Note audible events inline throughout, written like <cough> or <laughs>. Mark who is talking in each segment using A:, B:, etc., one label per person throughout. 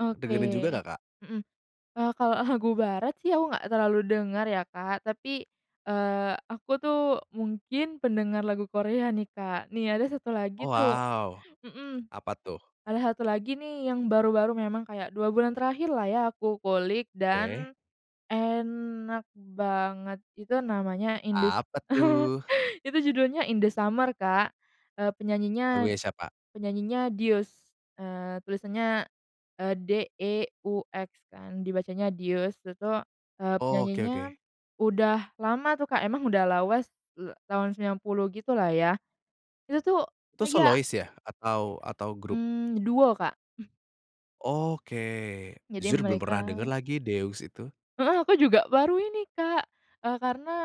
A: Oke.
B: Dengerin juga nggak, Kak?
A: Mhm. E kalau lagu barat sih aku nggak terlalu dengar ya, Kak, tapi eee, aku tuh mungkin pendengar lagu Korea nih, Kak. Nih, ada 1
B: Oh,
A: lagi tuh,
B: wow.
A: mhm.
B: Apa, tuh?
A: Ada 1 lagi nih, yang baru-baru memang kayak 2 bulan terakhirlah ya, aku kulik
B: Oke.
A: dan enak banget, itu namanya In The S
B: Apa,
A: <chuckles>
B: tuh?
A: itu judulnya In The Summer, Kak e penyanyinya
B: Lagunya siapa?
A: penyanyinya Deux, eee, tulisannya e DEUX kan dibacanya "dius." Itu tuh, eee,
B: Oke,
A: penyanyinya
B: oke.
A: udah lama tuh, Kak, emang udah lawas la tahun 90 gitu lah, ya. Itu tuh
B: Itu
A: kayak
B: solois ya? Atau atau grup?
A: Mmm, duo, Kak. <exhales>
B: Oke.
A: Jadi
B: Jujur belum
A: mereka
B: pernah denger lagi Deux itu.
A: Heeh, aku juga baru ini, Kak e karena,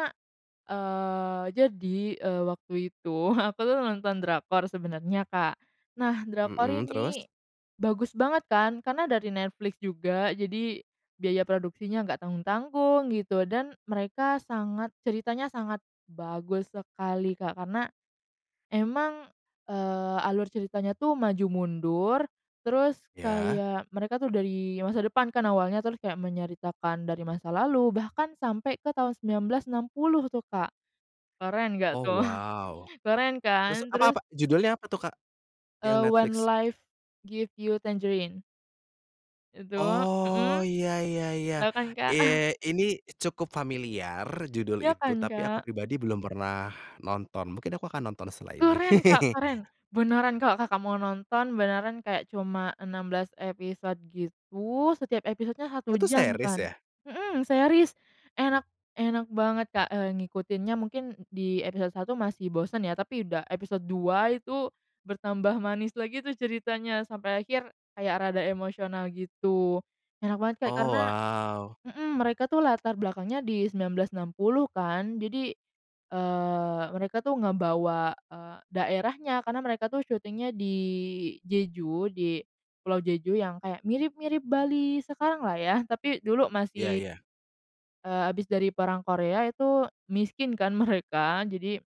A: eee, jadi, eee, waktu itu aku tuh nonton drakor sebenarnya, Kak. Nah, drakor
B: Mhm, terus?
A: ini bagus banget kan karena dari Netflix juga, jadi biaya produksinya nggak tanggung-tanggung, gitu, dan mereka sangat ceritanya sangat bagus sekali, Kak. Karena emang, eee, alur ceritanya tuh maju mundur, terus
B: Ya?
A: kayak mereka tuh dari masa depan kan, awalnya terus kayak menyeritakan dari masa lalu, bahkan sampai ke tahun 1960 tuh, Kak. Keren nggak
B: Oh,
A: tuh,
B: wow.
A: keren
B: Terus
A: kan?
B: apa
A: Terus
B: apa Judulnya apa tuh, Kak? Yang
A: Eee, When
B: Netflix.
A: Life Gives You Tangerines. Itu, mhm.
B: Oh, ya ya ya,
A: Tau kan, Kak? <chuckles>
B: iye, ini cukup familiar judul
A: Ya,
B: itu,
A: kan,
B: tapi aku
A: Kak?
B: pribadi belum pernah nonton, mungkin aku akan nonton setelah ini.
A: Keren, Kak,
B: <laughs>
A: keren! Beneran, Kak, Kakak mau nonton, beneran kayak cuma 16 episode gitu, setiap episodenya 1
B: Oh, itu
A: jam
B: series,
A: kan.
B: ya?
A: Mhm, series enak enak banget, Kak, eee, ngikutinnya mungkin di episode 1 masih bosen ya, tapi udah episode 2 itu bertambah manis lagi tuh ceritanya. Sampai akhir kayak rada emosional, gitu. Enak banget, Kak,
B: Oh,
A: karena
B: wow.
A: mhm, mereka tuh latar belakangnya di 1960 kan, jadi, eee, mereka tuh, ngebawa, eee, daerahnya karena mereka tuh syutingnya di Jeju, di Pulau Jeju yang kayak mirip-mirip Bali sekaranglah ya, tapi dulu
B: Ya,
A: masih
B: ya.
A: Eee, habis dari perang Korea itu miskin kan mereka, jadi,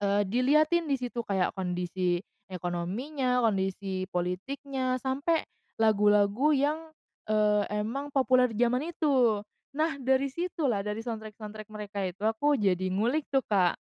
A: eee, dilihatin di situ kayak kondisi ekonominya, kondisi politiknya sampai lagu-lagu yang, eee, emang populer di jaman itu. Nah, dari situlah dari soundtrack-soundtrack mereka itu, aku jadi ngulik tuh, Kak.